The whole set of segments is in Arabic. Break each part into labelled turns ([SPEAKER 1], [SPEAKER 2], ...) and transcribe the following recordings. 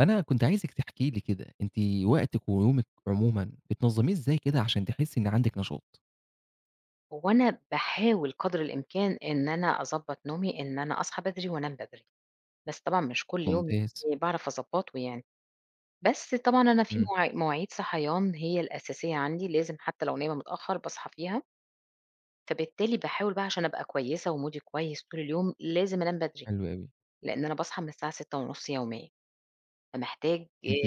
[SPEAKER 1] أنا كنت عايزِك تحكِ لي كده، أنتِ وقتِك ويومِك عمومًا بتنظميه إزاي كده عشان تحسي إن عندِك نشاط؟
[SPEAKER 2] هوأنا باحاول قدر الإمكان إن أنا أظبط نومي، إن أنا أصحى بدري وأنام بدري، بس طبعًا مش كل يوم
[SPEAKER 1] ممتاز.
[SPEAKER 2] باعرف أظبطه يعني، بس طبعًا أنا في
[SPEAKER 1] إمم.
[SPEAKER 2] مواعيد مواعيد صحيان هي الأساسية عندي لازم حتى لو نايمة متأخر باصحى فيها، ف بالتالي باحاول بقى عشان أبقى كويسة ومودي كويس طول اليوم لازم أنام بدري
[SPEAKER 1] حلو أوي.
[SPEAKER 2] لإن أنا باصحى من الساعة 6:30 يوميًا فمحتاج آ
[SPEAKER 1] أنتِ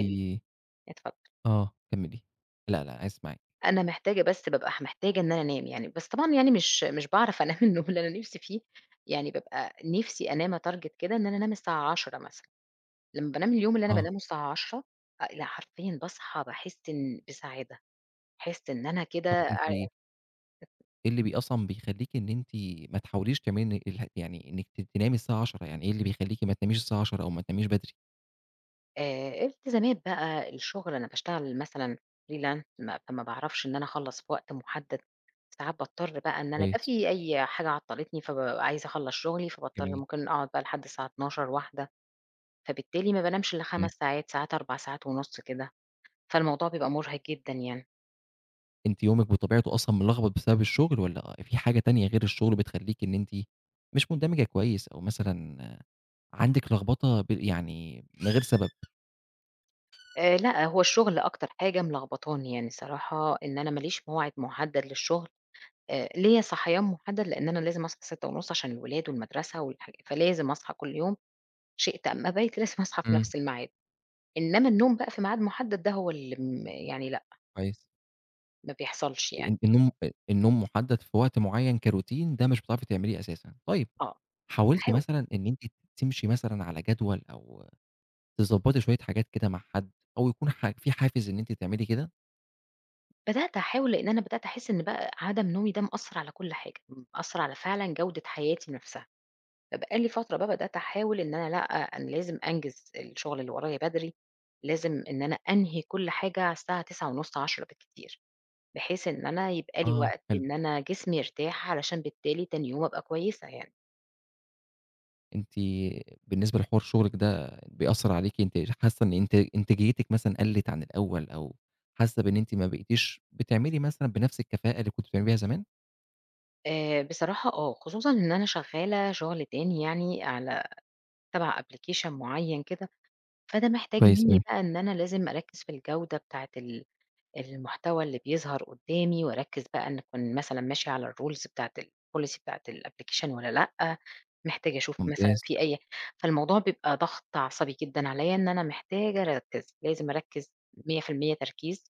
[SPEAKER 2] اتفضل.
[SPEAKER 1] آه، كملي لأ لأ أنا عايز أسمعِك.
[SPEAKER 2] أنا محتاجة بس بابقى محتاجة إن أنا أنام، يعني بس طبعًا يعني مش مش باعرف أنام النوم اللي أنا نفسي فيه يعني بابقى نفسي أنام أtarget كده إن أنا أنام الساعة 22:00 مثلًا لما بانام اليوم اللي أنا
[SPEAKER 1] آه.
[SPEAKER 2] بانامه الساعة 22:00 آآ، لأ حرفيًا باصحى باحس إن بسعادة أحس إن أنا كده
[SPEAKER 1] طب أنتِ
[SPEAKER 2] آآ
[SPEAKER 1] إيه اللي ب أصلًا بيخليكِ إن أنتِ ما تحاوليش كمان ال يعني إنك ت تنامي الساعة 22:00؟ يعني إيه اللي بيخليكِ ما تناميش الساعة 22:00 أو ما تناميش بدري؟
[SPEAKER 2] آآ، التزامات بقى الشغل، أنا باشتغل مثلًا freelance، ما ما باعرفش إن أنا أخلص في وقت محدد، ساعات باضطر بقى إن أنا يبقى
[SPEAKER 1] كويس.
[SPEAKER 2] في أي حاجة عطلتني، فبابقى عايزة أخلص شغلي، فباضطر
[SPEAKER 1] جميل.
[SPEAKER 2] ممكن أقعد بقى لحد الساعة 00:00 01:00 فبالتالي ما بانامش إلا
[SPEAKER 1] إمم.
[SPEAKER 2] 5 ساعات، ساعات 4 ساعات ونص كده، فالموضوع بيبقى مرهق جدًا يعني.
[SPEAKER 1] أنتِ يومِك بطبيعته أصلًا ملخبط بسبب الشغل، والّا آآ في حاجة تانية غير الشغل بتخليكِ إن أنتِ مش مندمجة كويس، أو مثلًا، عندِك لخبطة ب يعني، من غير سبب؟
[SPEAKER 2] آآ، لأ، هو الشغل أكتر حاجة ملخبطاني يعني، الصراحة إن أنا ما ليش موعد محدد للشغل. آآ، ليّا صحيان محدد لإن أنا لازم أصحى 06:30 عشان الولاد والمدرسة والحاج فلازم أصحى كل يوم شِئت أم أبيْت لازم أصحى في
[SPEAKER 1] إمم.
[SPEAKER 2] نفس الميعاد. إنما النوم بقى في ميعاد محدد دا هو اللي م يعني لأ.
[SPEAKER 1] كويس.
[SPEAKER 2] ما بيحصلش يعني.
[SPEAKER 1] أنتِ النوم آآ النوم محدد في وقت معين كroutine ده مش بتعرفي تعمليه أساسًا. طيب،
[SPEAKER 2] آه،
[SPEAKER 1] حاولتِ
[SPEAKER 2] باحاول.
[SPEAKER 1] مثلًا إن أنتِ تمشي مثلًا على جدول أو تضبّطي شوية حاجات كده مع حد، أو يكون ح في حافز إن أنتِ تعملي كده؟
[SPEAKER 2] بدأت أحاول، لإن أنا بدأت أحس إن بقى عدم نومي ده مأثّر على كل حاجة، م مأثّر على فعلًا جودة حياتي نَفْسها، فبقى لي فترة بقى بدأت أحاول إن أنا لأ أنا لازم أنجز الشُغل اللي ورايا بدري، لازم إن أنا أنهي كل حاجة على الساعة 21:30 22:00 بالكتير، بحيث إن أنا يبقى لي
[SPEAKER 1] آه،
[SPEAKER 2] وقت
[SPEAKER 1] حلو.
[SPEAKER 2] إن أنا جسمي يرتاح، علشان بالتالي تاني يوم أبقى كويسة يعني.
[SPEAKER 1] أنتِ بالنسبة لحوار شُغلِك ده بيأثّر عليكِ أنتِ ر حاسّة إن أنتِ إنتاجيتِك مثلًا قلّت عن الأول، أو حاسّة بإن أنتِ ما بقيتيش بتعملي مثلًا بنَفْس الكفاءة اللي كنتِ بتعملي بيها زمان؟
[SPEAKER 2] آآ، بصراحة آه، خصوصًا إن أنا شغّالة شُغل تاني يعني على تبع Application معيّن كده، فده محتاج
[SPEAKER 1] كويس
[SPEAKER 2] منّي
[SPEAKER 1] أوي.
[SPEAKER 2] بقى إن أنا لازم أركّز في الجودة بتاعة ال المحتوى اللي بيظهر قدّامي، وأركّز بقى إن أكون مثلًا ماشية على الRules بتاعة الPolicy بتاعة الApplication والّا لأ محتاجة أشوف مثلًا
[SPEAKER 1] ممتاز.
[SPEAKER 2] في أي فالموضوع بيبقى ضغط عصبي جدًا عليّا، إن أنا محتاجة أركّز لازم أركّز 100% تركيز.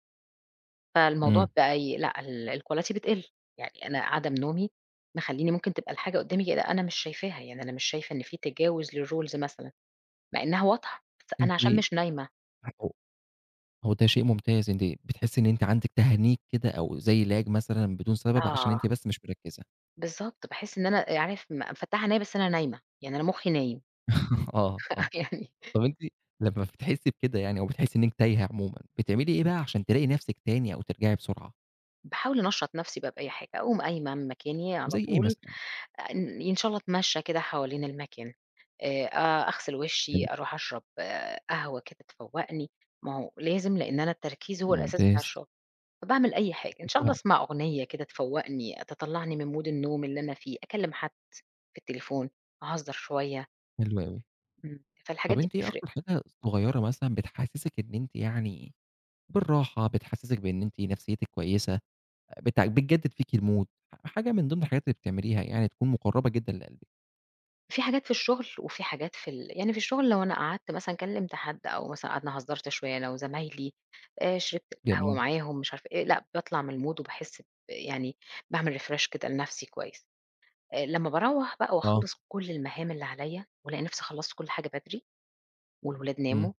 [SPEAKER 2] فالموضوع
[SPEAKER 1] إمم.
[SPEAKER 2] فأي لأ ال الQuality بتقِل يعني أنا عدم نومي، مخلّيني ممكن تبقى الحاجة قدّامي كده أنا مش شايفاها، يعني أنا مش شايفة إن في تجاوز للRules مثلًا، مع إنّها واضحة، بس
[SPEAKER 1] أنتِ
[SPEAKER 2] أنا عشان مش نايمة.
[SPEAKER 1] [unintelligible] هو ده شيء ممتاز، أنتِ بتحسّي إن أنتِ عندِك تهنيج كده، أو زي Lag مثلًا بدون سبب، عشان
[SPEAKER 2] آه.
[SPEAKER 1] أنتِ بس مش مركّزة.
[SPEAKER 2] بالضبط، باحس إن أنا عارف، م مفتحة عينيّا بس أنا نايمة، يعني أنا مخي نايم
[SPEAKER 1] آه، آه.
[SPEAKER 2] فيعني
[SPEAKER 1] طَب أنتِ لمّا بتحسي بكده يعني أو بتحسي إن أنتِ تايهة عمومًا، بتعملي إيه بقى عشان تلاقي نفسِك تاني أو ترجعي بسرعة؟
[SPEAKER 2] باحاول أنشّط نفسي بقى بأي حاجة، أقوم قايمة من مكاني على
[SPEAKER 1] زي إيه
[SPEAKER 2] طول،
[SPEAKER 1] مثلًا؟
[SPEAKER 2] إن إن شاء الله أتمشى كده حوالين المكان، آآ، أ أغسل وشي،
[SPEAKER 1] حلو.
[SPEAKER 2] أروح أشرب قهوة كده تفوقني، ما هو لازم لإن أنا التركيز هو الأساس بتاع
[SPEAKER 1] ممتاز.
[SPEAKER 2] الشغل. فباعمل أي حاجة، إن
[SPEAKER 1] أكيد
[SPEAKER 2] شاء الله
[SPEAKER 1] طبعًا.
[SPEAKER 2] أسمّع أغنية كده تفوقني، تطلعني من mood النوم اللي أنا في، أكلم حد في التليفون، أهزر شوية.
[SPEAKER 1] حلو أوي.
[SPEAKER 2] إمم،
[SPEAKER 1] طَب
[SPEAKER 2] فالحاجات دي
[SPEAKER 1] أنتِ إيه
[SPEAKER 2] بتفرِق.
[SPEAKER 1] أكتر حاجة صغيرة مثلًا بتحسسِك إن أنتِ يعني بالراحة، بتحسسِك بإن أنتِ نفسيتِك كويسة، بت بتجدد فيكِ الmood، ح حاجة من ضمن الحاجات اللي بتعمليها، يعني تكون مقربة جدًا لقلبِك.
[SPEAKER 2] في حاجات في الشغل، وفه حاجات في ال يعني في الشغل لو أنا قعدت مثلًا كلمت حد، أو مثلًا قعدنا هزرت شوية أنا وزمايلي، آآ، شربت القهوة
[SPEAKER 1] جميل.
[SPEAKER 2] معاهم مش عارف إيه، لأ، باطلع من الmood وباحس ب يعني باعمل refresh كده لنفسي كويس. آآ، لمّا باروّح بقى
[SPEAKER 1] آه.
[SPEAKER 2] وأخلص كل المهام اللي عليّا، وألاقي نفسي خلصت كل حاجة بدري، والولاد
[SPEAKER 1] إمم.
[SPEAKER 2] ناموا،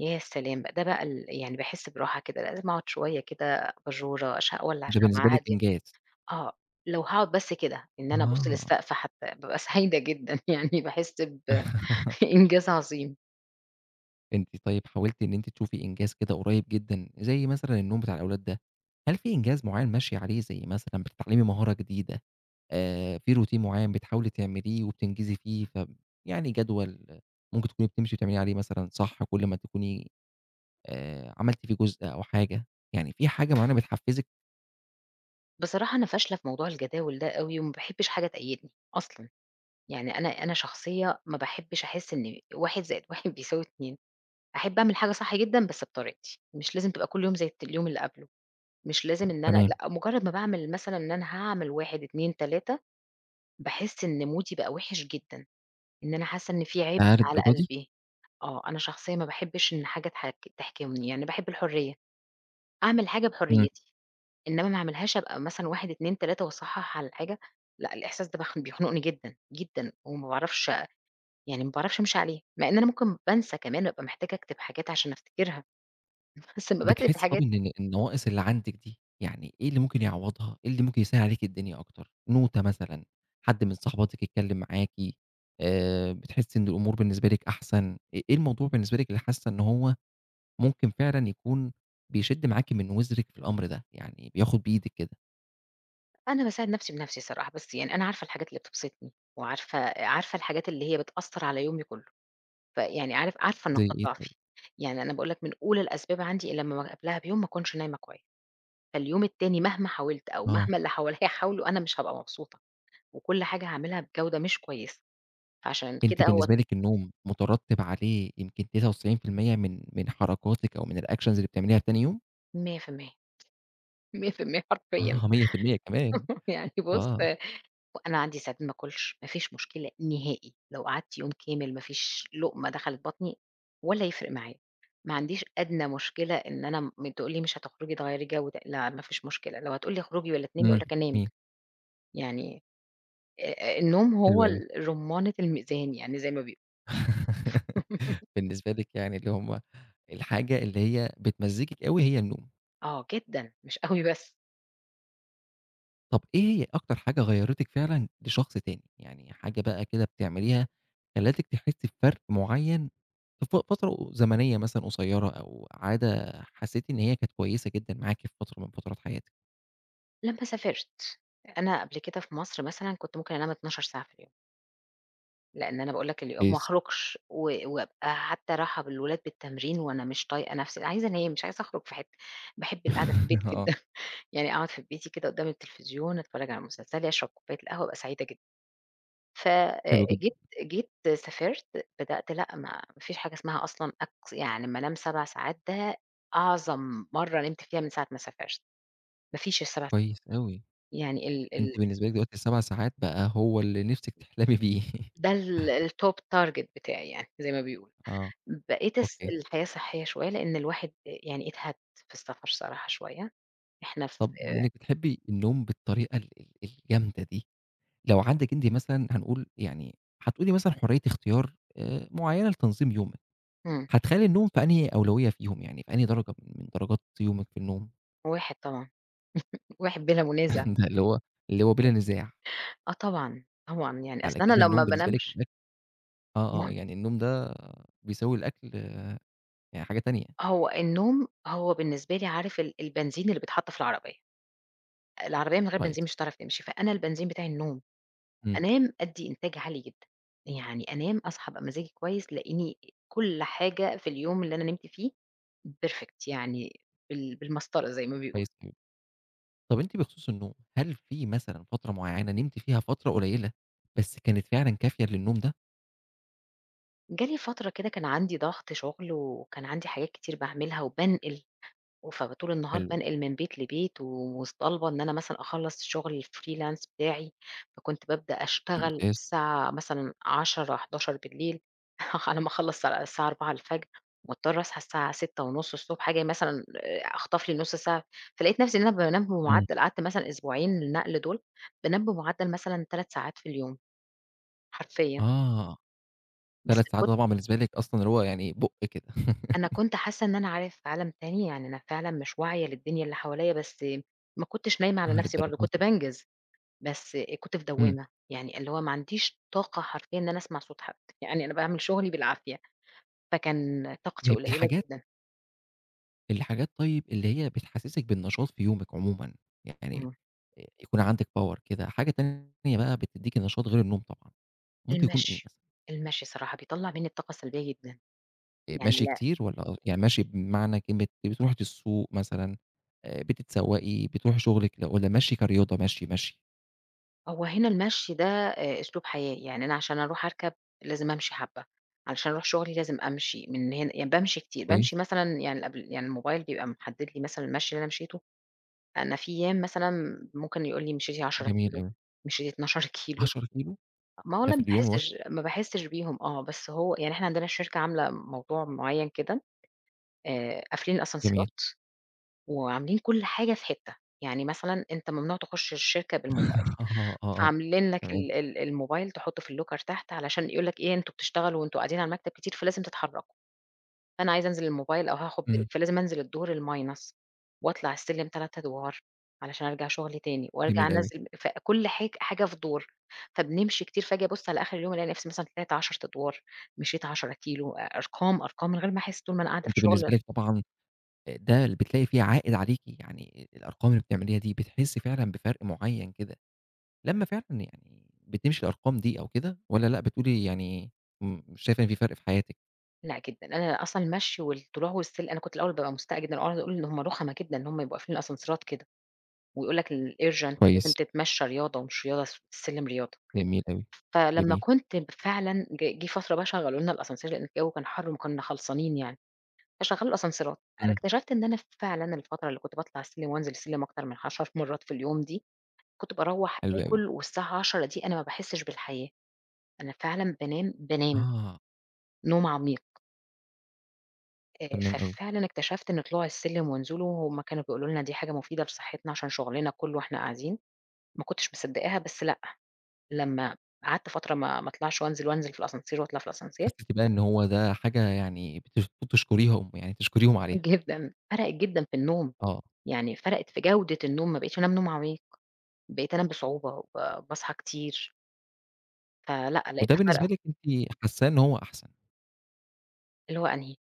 [SPEAKER 2] يا سلام ده بقى ال يعني باحس براحة كده، لأ لازم أقعد شوية كده أباجورة، أش أولع
[SPEAKER 1] ده
[SPEAKER 2] شمعة
[SPEAKER 1] بالنسبة لِك
[SPEAKER 2] هادية.
[SPEAKER 1] إنجاز.
[SPEAKER 2] آه، لو هاقعد بس كده إن أنا أبُص
[SPEAKER 1] آه.
[SPEAKER 2] للسقف حتى بابقى سعيدة جدًا يعني باحس ب إنجاز عظيم.
[SPEAKER 1] أنتِ طيب حاولتِ إن أنتِ تشوفي إنجاز كده قريب جدًا، زي مثلًا النوم بتاع الأولاد ده، هل في إنجاز معيّن ماشية عليه، زي مثلًا بتتعلّمي مهارة جديدة، آآ، في routine معيّن بتحاولي تعمليه وبتنجزي فيه ف يعني، جدول ممكن تكوني بتمشي وتعملي عليه مثلًا صح كُلّ ما تكوني، آآ، عملتِ فيه جزء أو حاجة يعني، في حاجة معينة بتحفزِّك؟
[SPEAKER 2] بصراحة أنا فاشلة في موضوع الجداول ده أوي، وما باحبش حاجة تقيدني، أصلًا يعني أنا أنا شخصيّة ما باحبش أحس إن 1 زائد 1 بيساوي 2 أحب أعمل حاجة صح جدًا بس بطريقتي، مش لازم تبقى كُلّ يوم زي الت اليوم اللي قبله، مش لازم إن أنا
[SPEAKER 1] تمام.
[SPEAKER 2] لأ، مجرّد ما باعمل مثلًا إن أنا هاعمل 1 2 3، باحس إن مودي بقى وِحِش جدًا، إن أنا حاسّة إن في عبء
[SPEAKER 1] ياه!
[SPEAKER 2] على
[SPEAKER 1] للدرجة دي.
[SPEAKER 2] قلبي، آه، أنا شخصيّة ما باحبش إن حاجة تحك تحكمني، يعني باحب الحريّة، أعمل حاجة
[SPEAKER 1] إمم.
[SPEAKER 2] بحريتي، إنّما ما أعملهاش أبقى مثلًا 1 2 3 وأصحّح على الحاجة، لأ، الإحساس ده بيخ بيخنقني جدًا، جدًا، وما باعرفش يعني ما باعرفش أمشي عليه، مع إن أنا ممكن بانسى كمان وأبقى محتاجة أكتب حاجات عشان أفتكرها، بس أمّا باكتب
[SPEAKER 1] بتحسي طَب
[SPEAKER 2] الحاجات
[SPEAKER 1] إن ال النواقص اللي عندِك دي، يعني إيه اللي ممكن يعوّضها إيه اللي ممكن يسهّل عليكِ الدنيا أكتر نوتة مثلًا، حد من صاحباتِك يتكلم معاكِ، آآ، بتحسي إن الأمور بالنسبة لِك أحسن، آآ إيه الموضوع بالنسبة لِك اللي حاسة إن هو ممكن فعلًا يكون بيشِدّ معاكِ من وزرِك في الأمر ده، يعني، بياخد بإيدِك كده؟
[SPEAKER 2] أنا باساعد نَفْسي بنَفْسي صراحة، بس يعني أنا عارفة الحاجات اللي بتبسطني، وعارفة عارفة الحاجات اللي هي بتأثَّر على يومي كله. فيعني عارف، عارفة
[SPEAKER 1] زي
[SPEAKER 2] نقاط
[SPEAKER 1] إيه طيب؟
[SPEAKER 2] ضعفي. يعني أنا باقول لك من أُولى الأسباب عندي لما قبلها بيوم ما أكونش نايمة كويس. فاليوم التاني مهما حاولت أو
[SPEAKER 1] آه.
[SPEAKER 2] مهما اللي حواليّا حاولوا أنا مش هابقى مبسوطة، وكل حاجة هاعملها بجودة مش كويسة. عشان
[SPEAKER 1] أنتِ
[SPEAKER 2] كده هو
[SPEAKER 1] بالنسبة لِك النوم مترتب عليه يمكن 99% من من حركاتِك أو من الactions اللي بتعمليها تاني يوم؟
[SPEAKER 2] 100% 100% حرفيًا
[SPEAKER 1] آه 100% كمان،
[SPEAKER 2] يعني بُص
[SPEAKER 1] آه.
[SPEAKER 2] أنا عندي ساعات ما آكلش، ما فيش مشكلة نهائي. لو قَعدت يوم كامل ما فيش لقمة دخلِت بطني ولا يِفرِق معايا. ما عنديش أدنى مشكلة إن أنا م تقول لي مش هتخرجي تغيّري جو لا ما فيش مشكلة. لو هتقول لي اخرجي والّا تنامي، أقول
[SPEAKER 1] إمم،
[SPEAKER 2] لك أنام
[SPEAKER 1] جميل.
[SPEAKER 2] يعني آآ آآ النوم
[SPEAKER 1] حلو
[SPEAKER 2] هو
[SPEAKER 1] أوي.
[SPEAKER 2] ال رمانة الميزان يعني زي ما بيق
[SPEAKER 1] بالنسبة لِك يعني اللي هُم الحاجة اللي هي بتمزجِك أوي هي النوم.
[SPEAKER 2] آه جدًا، مش أوي بس.
[SPEAKER 1] طَب إيه أكتر حاجة غيّرتِك فعلًا لشخص تاني؟ يعني حاجة بَقى كده بتعمليها خلتِك تحسي بفَرق معين في ف فترة زمنية مثلًا قصيرة، أو عادة حَسيتِ إن هي كانت كويسة جدًا معاكِ في فترة من فترات حياتِك.
[SPEAKER 2] لما سافرت، أنا قبل كده في مصر مثلًا كنت ممكن أنام 12 ساعة في اليوم. لأن أنا باقول لك اليوم ما
[SPEAKER 1] كويس.
[SPEAKER 2] أخرجش و وابقى حتى راحة بالولاد بالتمرين وأنا مش طايقة نفسي عايزة أنام مش عايزة أخرج في حتة، باحب القعدة في البيت
[SPEAKER 1] آه.
[SPEAKER 2] جدًا، يعني أقعد في بيتي كده قدام التليفزيون أتفرج على مسلسلي أشرب كوباية القهوة أبقى سعيدة جدًا، ف آآ،
[SPEAKER 1] حلو جدًا.
[SPEAKER 2] جيت جيت سافرت بدأت لأ ما ما فيش حاجة اسمها أصلًا أك يعني أما أنام 7 ساعات ده أعظم مرة نمت فيها من ساعة ما سافرت، ما فيش السبع
[SPEAKER 1] كويس أوي
[SPEAKER 2] يعني ال ال ال
[SPEAKER 1] أنتِ بالنسبة لِك دلوقتي ال7 ساعات بقى هو اللي نفسِك تحلمي بيه.
[SPEAKER 2] ده ال الtop target بتاعي يعني زي ما بيقولوا،
[SPEAKER 1] آه
[SPEAKER 2] بقيت أس
[SPEAKER 1] Okay.
[SPEAKER 2] الحياة صحية شوية لأن الواحد آآ، يعني اتهد في السفر صراحة شوية إحنا ف
[SPEAKER 1] طب بما إنِك بتحبي النوم بالطريقة ال ال الجامدة دي، لو عندِك أنتِ مثلًا هنقول يعني حتقولي مثلًا حرية اختيار آآ، معينة لتنظيم يومِك،
[SPEAKER 2] إمم.
[SPEAKER 1] هتخلِّي النوم في أنهي أولوية فيهم؟ يعني في أنهي درجة من درجات يومِك في النوم؟
[SPEAKER 2] واحد طبعًا، واحد بلا منازع،
[SPEAKER 1] ده اللي هو اللي هو بلا نزاع.
[SPEAKER 2] آه، طبعًا، طبعًا يعني أصل
[SPEAKER 1] على
[SPEAKER 2] أنا
[SPEAKER 1] كده
[SPEAKER 2] لمّا
[SPEAKER 1] النوم
[SPEAKER 2] ما
[SPEAKER 1] بالنسبة لِك
[SPEAKER 2] انامش
[SPEAKER 1] [unintelligible] آه آه
[SPEAKER 2] [unintelligible]
[SPEAKER 1] يعني النوم ده بيساوي الأكل يعني حاجة تانية.
[SPEAKER 2] هو النوم هو بالنسبة لي عارف ال البنزين اللي بيتحط في العربية، العربية من غير
[SPEAKER 1] كويس.
[SPEAKER 2] بنزين مش هتعرف تمشي، فأنا البنزين بتاعي النوم،
[SPEAKER 1] امم.
[SPEAKER 2] أنام أدّي إنتاج عالي جدًا، يعني أنام أصحى أبقى مزاجي كويس تلاقيني كل حاجة في اليوم اللي أنا نمت فيه perfect يعني بال بالمسطرة زي ما
[SPEAKER 1] كويس
[SPEAKER 2] بيقولوا.
[SPEAKER 1] أوي، طب أنتِ بخصوص النوم هل فيه مثلًا فترة معينة نمتِ فيها فترة قليلة بس كانت فعلًا كافية للنوم ده؟
[SPEAKER 2] جالي فترة كده كان عندي ضغط شغل، وكان عندي حاجات كتير باعملها وبانقِل، وف طول النهار
[SPEAKER 1] حلو أوي.
[SPEAKER 2] بانقِل من بيت لبيت ومطالبة إن أنا مثلًا أخلَّص شغل الfreelance بتاعي، فكُنت بابدأ أشتغل
[SPEAKER 1] ممتاز.
[SPEAKER 2] الساعة مثلًا 22:00 23:00 على ما أخلَّص الساعة 04:00 مُضطرة أصحى الساعة 6:30 ص آجي مثلًا آآ أخطف لي نُص ساعة. فلقيت نَفْسي إن أنا بانام
[SPEAKER 1] إمم.
[SPEAKER 2] بمعدل قعدت مثلًا أسبوعين النقل دول بانام بمعدل مثلًا 3 ساعات في اليوم حرفيًا.
[SPEAKER 1] آه،
[SPEAKER 2] بس
[SPEAKER 1] 3 ساعات
[SPEAKER 2] كنت
[SPEAKER 1] ده طبعًا بالنسبة لِك أصلًا اللي هو يعني بُق كده.
[SPEAKER 2] أنا كنت حاسة إن أنا عارف في عالم تاني يعني أنا فعلًا مش واعية للدنيا اللي حواليّا بس ما كُنتش نايمة على
[SPEAKER 1] آه،
[SPEAKER 2] نَفْسي
[SPEAKER 1] للدرجة
[SPEAKER 2] برضه، كُنت
[SPEAKER 1] دي.
[SPEAKER 2] بانجز، بس كُنت في
[SPEAKER 1] إمم.
[SPEAKER 2] دوامة، يعني اللي هو ما عنديش طاقة حرفيًا إن أنا أسمَع صوت حد. يعني أنا باعمل شغلي بالعافية. فكان طاقتي
[SPEAKER 1] [unintelligible]
[SPEAKER 2] قليلة
[SPEAKER 1] الحاجات
[SPEAKER 2] جدًا.
[SPEAKER 1] الحاجات طيب اللي هي بتحسسِك بالنشاط في يومِك عمومًا، يعني
[SPEAKER 2] إمم.
[SPEAKER 1] يكون عندِك power كده، حاجة تانية بَقى بتديكِ نشاط غير النوم طبعًا، ممكن يكون إيه مثلًا؟
[SPEAKER 2] المَشي. المَشي الصراحة بيطلَّع مني الطاقة السلبية جدًا.
[SPEAKER 1] آآ،
[SPEAKER 2] يعني
[SPEAKER 1] مَشي
[SPEAKER 2] لأ
[SPEAKER 1] كتير؟ والّا أ يعني مشي بمعنى كلمة أنتِ بتروحي ت السوق مثلًا آآ، بتتسوقي بتروحي شغلِك والّا مشي كرياضة، مَشي، مَشي؟
[SPEAKER 2] هو هنا المَشي ده آآ، أسلوب حياة، يعني أنا عشان أروح أركَب، لازم أمشي حبة، علشان أروح شغلي لازم أمشي من هنا يعني بامشي كتير،
[SPEAKER 1] كويس.
[SPEAKER 2] بامشي مثلًا يعني الأبل يعني الموبايل بيبقى محدد لي مثلًا المَشي اللي أنا مشيته. أنا في أيام مثلًا ممكن يقول لي مِشيتِ 10
[SPEAKER 1] جميل
[SPEAKER 2] كيلو،
[SPEAKER 1] أوي.
[SPEAKER 2] مِشيتِ 12 كيلو.
[SPEAKER 1] 10 كيلو؟
[SPEAKER 2] ما هو
[SPEAKER 1] ده
[SPEAKER 2] أنا
[SPEAKER 1] في
[SPEAKER 2] ما
[SPEAKER 1] اليوم واحد؟
[SPEAKER 2] باحسش ما باحسش بيهم آه بس هو يعني إحنا عندنا الشركة عاملة موضوع معين كده آآ، قافلين
[SPEAKER 1] جميل.
[SPEAKER 2] الأسانسيرات وعاملين كل حاجة في حتّة. يعني مثلًا أنت ممنوع تُخُش الشركة بالموبايل.
[SPEAKER 1] آه، آه، آه،
[SPEAKER 2] فعاملين لك
[SPEAKER 1] تمام.
[SPEAKER 2] ال ال الموبايل تحطه في الlocker تحت علشان يقول لك إيه أنتم بتشتغلوا وأنتم قاعدين على المكتب كتير فلازم تتحركوا. فأنا عايزة أنزل للموبايل أو هاخد break
[SPEAKER 1] إمم.
[SPEAKER 2] فلازم أنزِل الدور الminus، وأطلَع السِلِّم 3 أدور علشان أرجع شغلي تاني، وأرجع
[SPEAKER 1] جميل أوي.
[SPEAKER 2] أنَزِّل فكل حاج حاجة في دور. فبنمشي كتير فاجي أبُص على آخر اليوم ألاقي نَفْسي مثلًا طِلِعت 10 أدور، مِشيت 10 كيلو أ أرقام أرقام من غير ما أحس طول ما أنا قاعدة في
[SPEAKER 1] أنتِ
[SPEAKER 2] شغل
[SPEAKER 1] بالنسبة لِك طبعًا آآ، ده بتلاقي فيه عائد عليكِ، يعني الأرقام اللي بتعمليها دي بتحسي فعلًا بفَرق معين كده، لمّا فعلًا يعني بتمشي الأرقام دي أو كده، والّا لأ، بتقولي يعني م مش شايفة إن في فَرق في حياتِك؟
[SPEAKER 2] لأ جدًا، أنا أصلًا المشي والطلوع والسل أنا كنت الأوّل بابقى مستاءة جدًا وأقعد أقول إن هُم رخمة جدًا إن هُم يبقى قافلين الأسانسيرات كده. ويقول لك الurgent لازم
[SPEAKER 1] كويس.
[SPEAKER 2] تتمشى رياضة ومش رياضة الس السلم رياضة.
[SPEAKER 1] جميل أوي.
[SPEAKER 2] فلمّا
[SPEAKER 1] جميل.
[SPEAKER 2] كنت فعلًا جه جه فترة بقى شغلوا لنا الascenseur لأن الجو كان حر وكنّا خلصانين يعني. فشغلوا الأسانسيرات. أنا
[SPEAKER 1] إمم.
[SPEAKER 2] اكتشفت إن أنا فعلًا الفترة اللي كنت باطلع السلم وأنزل السلم أكتر من 10 مرّات في اليوم دي، كنت باروّح
[SPEAKER 1] حلو أوي.
[SPEAKER 2] آكل والساعة 22:00 دي أنا ما باحسش بالحياة. أنا فعلًا بانام، بانام
[SPEAKER 1] آه.
[SPEAKER 2] نوم عميق. آآ،
[SPEAKER 1] تمام أوي.
[SPEAKER 2] ففعلًا اكتشفت إن طلوع السلم ونزوله هُم كانوا بيقولوا لنا دي حاجة مفيدة لصحتنا عشان شغلنا كله وإحنا قاعدين، ما كنتش مصدقاها بس لأ، لمّا قعدت فترة ما ما أطلعش وأنزل وأنزل في الascenseur وأطلع في الascenseur
[SPEAKER 1] حسيتِ بقى إن هو ده حاجة يعني بت بتشكريهُم، يعني تشكريهُم عليها.
[SPEAKER 2] جدًا، فرقت جدًا في النوم.
[SPEAKER 1] آه.
[SPEAKER 2] يعني فرقت في جودة النوم ما بقيتش أنام نوم عميق. بقيت أنام بصعوبة وب باصحى كتير. فلأ
[SPEAKER 1] وده
[SPEAKER 2] لقيتها
[SPEAKER 1] بالنسبة
[SPEAKER 2] فارقة.
[SPEAKER 1] لِك أنتِ حاساه إن هو أحسن.
[SPEAKER 2] اللي هو أنهي؟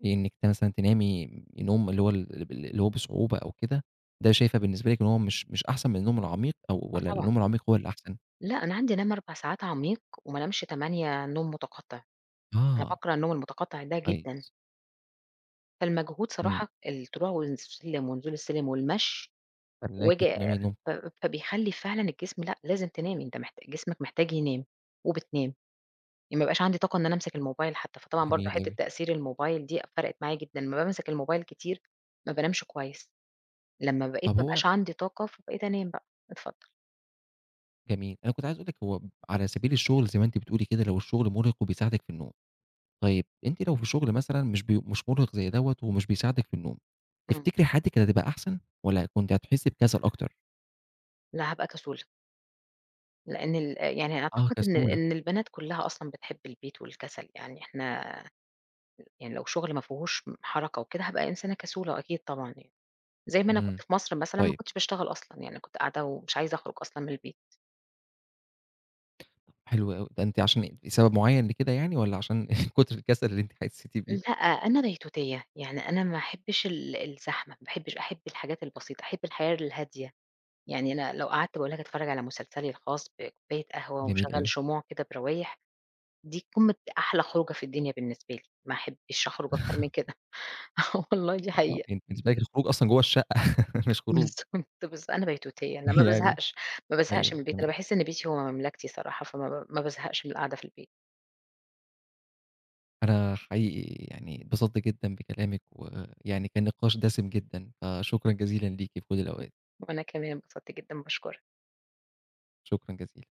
[SPEAKER 1] بإنِك ت مثلًا تنامي نوم اللي هو ال اللي بال اللي هو بصعوبة أو كده، ده شايفة بالنسبة لِك إن هو مش مش أحسن من النوم العميق أو
[SPEAKER 2] آه
[SPEAKER 1] والّا
[SPEAKER 2] طبعًا.
[SPEAKER 1] النوم العميق هو اللي أحسن؟
[SPEAKER 2] لأ، أنا عندي أنام 4 ساعات عميق، وما أنامش 8 نوم مُتَقَطِّع أنا
[SPEAKER 1] آه.
[SPEAKER 2] باكره النوم المُتَقَطِّع ده جدًا.
[SPEAKER 1] كويس.
[SPEAKER 2] فالمجهود
[SPEAKER 1] امم.
[SPEAKER 2] صراحة الطلوع والسلم ونزول السلم والمشي
[SPEAKER 1] خلاكِ
[SPEAKER 2] وآجي
[SPEAKER 1] تنامي نوم
[SPEAKER 2] ف فبيخلِّي فعلًا الجسم لأ، لازم تنامي أنت محت جسمك محتاج ينام، وبتنام، ي ما بيبقاش عندي طاقة إن أنا أمسك الmobile حتى، فطبعًا برضه
[SPEAKER 1] جميل
[SPEAKER 2] حِتّة
[SPEAKER 1] أوي.
[SPEAKER 2] تَأثير الmobile دي فَرَقِت معايا جدًا، أمّا بامسك الmobile كتير، ما بانامش كويس. لمّا بقيت
[SPEAKER 1] طب
[SPEAKER 2] ما
[SPEAKER 1] هو
[SPEAKER 2] بقاش عندي طاقة، فبقيت أنام بقى، اتفضل.
[SPEAKER 1] جميل. أنا كُنت عايز أقول لِك هو على سبيل الشغل زي ما أنتِ بتقولي كده، لو الشغل مرهق وبِيساعدِك في النوم. طيب أنتِ لو في شغل مثلًا مش ب مش مرهق زي دوّة ومش بيساعدِك في النوم،
[SPEAKER 2] امم.
[SPEAKER 1] تفتكري حياتِك كانت هتبقى أحسن والّا كُنتِ هتحسي بكسل أكتر؟
[SPEAKER 2] لأ هابقى كسولة. لإن ال يعني
[SPEAKER 1] آه
[SPEAKER 2] أعتقد إن
[SPEAKER 1] كسولة.
[SPEAKER 2] إن البنات كُلَّها أصلًا بتحب البيت والكسل، يعني إحنا يعني لو شغل ما فيهوش م حركة وكده، هابقى إنسانة كسولة وأكيد طبعًا يعني. زي ما أنا كُنت
[SPEAKER 1] امم،
[SPEAKER 2] في مصر مثلًا ما
[SPEAKER 1] طيب.
[SPEAKER 2] كُنتش باشتغل أصلًا، يعني كُنت قاعدة ومش عايزة أخرُج أصلًا من البيت.
[SPEAKER 1] حلو أوي. ده أنتِ عشان لسبب مُعَيَّن لكده يعني والّا عشان كُتُر الكسل اللي أنتِ حسيتِ بيه؟
[SPEAKER 2] لأ، أنا بيتوتية، يعني أنا ما أحبش ال الزحمة، ما باحبش أحب الحاجات البسيطة، أحب الحياة الهادية. يعني أنا لو قعَدت باقول لك أتفرج على مسلسلي الخاص بكوباية قهوة
[SPEAKER 1] جميل
[SPEAKER 2] وأشغل
[SPEAKER 1] أوي.
[SPEAKER 2] شموع كده بروايح، دي قمة ده أحلى خُروجة في الدنيا بالنسبة لي، ما أحبش أخرُج أكتر من كده، آه والله دي
[SPEAKER 1] آه،
[SPEAKER 2] حقيقة.
[SPEAKER 1] يعني بالنسبة لِك الخروج أصلًا جوّا الشقة، مش خروج.
[SPEAKER 2] بالضبط بالض أنا بيتوتية، أنا ما
[SPEAKER 1] يعني
[SPEAKER 2] بازهقش، ما بازهقش
[SPEAKER 1] أيوه
[SPEAKER 2] من البيت، أنا
[SPEAKER 1] تمام.
[SPEAKER 2] باحس إن بيتي هو مملكتي صراحة، فما ب ما بازهقش من القعدة في البيت.
[SPEAKER 1] أنا حقيقي يعني اتبسطت جدًا بكلامِك، ويعني كان نقاش دَسِم جدًا. فشكرًا جزيلًا ليكِ في كُلّ الأوقات.
[SPEAKER 2] وأنا كمان انبسطت جدًا، باشكُرك.
[SPEAKER 1] شكرًا جزيلًا.